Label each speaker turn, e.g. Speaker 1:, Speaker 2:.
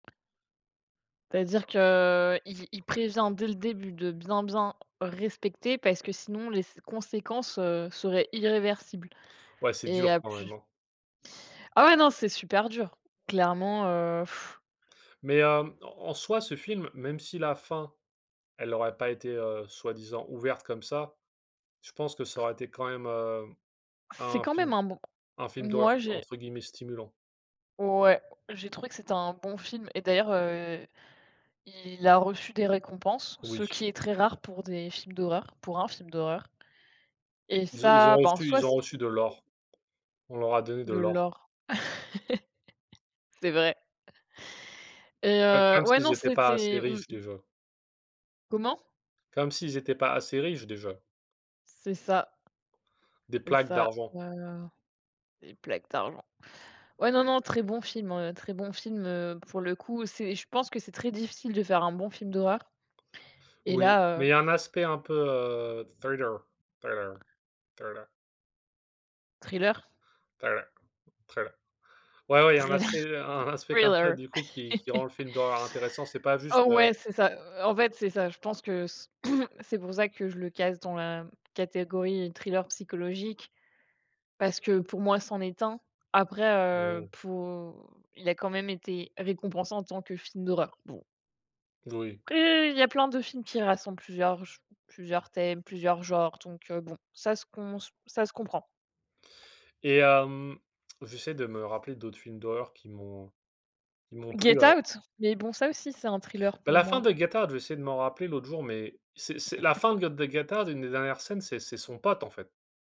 Speaker 1: C'est-à-dire qu'il il prévient dès le début de bien, bien respecter parce que sinon les s conséquences, heu, seraient irréversibles
Speaker 2: Ouais, c'est
Speaker 1: et
Speaker 2: dur
Speaker 1: heu,
Speaker 2: quand même,
Speaker 1: plu
Speaker 2: hein.
Speaker 1: Ah ouais, non, c'est super dur. Clairement, heu,
Speaker 2: Mais hem, en en soit ce film, même si la fin, elle aurait pas été, heu, soi-disant ouverte comme ça, je pense que ça aurait été quand même, hem,
Speaker 1: C'est
Speaker 2: un
Speaker 1: quand même
Speaker 2: film
Speaker 1: un bon
Speaker 2: un film d'horreur
Speaker 1: moi, j'ai
Speaker 2: entre guillemets «stimulant».
Speaker 1: ouais, j'ai trouvé que c'était un bon film et d'ailleurs, heu, il a reçu des récompenses, ce
Speaker 2: Oui.
Speaker 1: qui est très rare pour des films d'horreur, pour un film d'horreur. Et
Speaker 2: Ils ont ils ont
Speaker 1: ça, bah, en
Speaker 2: reçu
Speaker 1: soi
Speaker 2: ils ont
Speaker 1: c'est
Speaker 2: reçu de l'or. On leur a donné de
Speaker 1: De
Speaker 2: l'or.
Speaker 1: l'or. C'est vrai. Et
Speaker 2: Heu,
Speaker 1: heu,
Speaker 2: comme
Speaker 1: ouais non,
Speaker 2: s'ils étaient pas assez
Speaker 1: c'était
Speaker 2: riches
Speaker 1: mmh.
Speaker 2: déjà.
Speaker 1: Comment?
Speaker 2: Comme s'ils étaient pas assez riches déjà.
Speaker 1: C'est ça.
Speaker 2: Des
Speaker 1: C'est
Speaker 2: plaques
Speaker 1: ça,
Speaker 2: d'argent.
Speaker 1: voilà. Des plaques d'argent. Ouais, non, non, très bon film, hein, heu, très bon film. Heu, pour le coup, c'est je pense que c'est très difficile de faire un bon film d'horreur et
Speaker 2: Oui,
Speaker 1: là, heu
Speaker 2: mais il y a un aspect un peu, heu, thriller thriller thriller.
Speaker 1: Thriller?
Speaker 2: Thriller thriller. Ouais, ouais, il y a un
Speaker 1: Thriller.
Speaker 2: aspect un aspect comme ça,
Speaker 1: thriller.
Speaker 2: du coup qui qui rend le film d'horreur intéressant, c'est pas
Speaker 1: Oh
Speaker 2: juste, heu
Speaker 1: ouais, c'est ça. Heu, en fait, c'est ça. Je pense que c c'est pour ça que je le case dans la catégorie thriller psychologique. Parce que pour moi, c'en est un. Après
Speaker 2: Mmh
Speaker 1: heu,
Speaker 2: mh.
Speaker 1: pour il a quand même été récompensé en tant que film d'horreur, bon.
Speaker 2: Oui.
Speaker 1: Après, il y a plein de films qui rassemblent plusieurs j plusieurs thèmes, plusieurs genres, donc heu, bon, ça se com ça se comprend.
Speaker 2: Et hem, j'essaie de me rappeler d'autres films d'horreur qui m'ont qui m'ont plu,
Speaker 1: Get
Speaker 2: heu
Speaker 1: Out, mais bon, ça aussi, c'est un thriller,
Speaker 2: Ben,
Speaker 1: pour
Speaker 2: la fin
Speaker 1: moi.
Speaker 2: de Get Out j'ai essayé de m'en rappeler l'autre jour mais c'est c'est la fin de g de Get Out, une des dernières scènes, c'est c'est son pote en fait.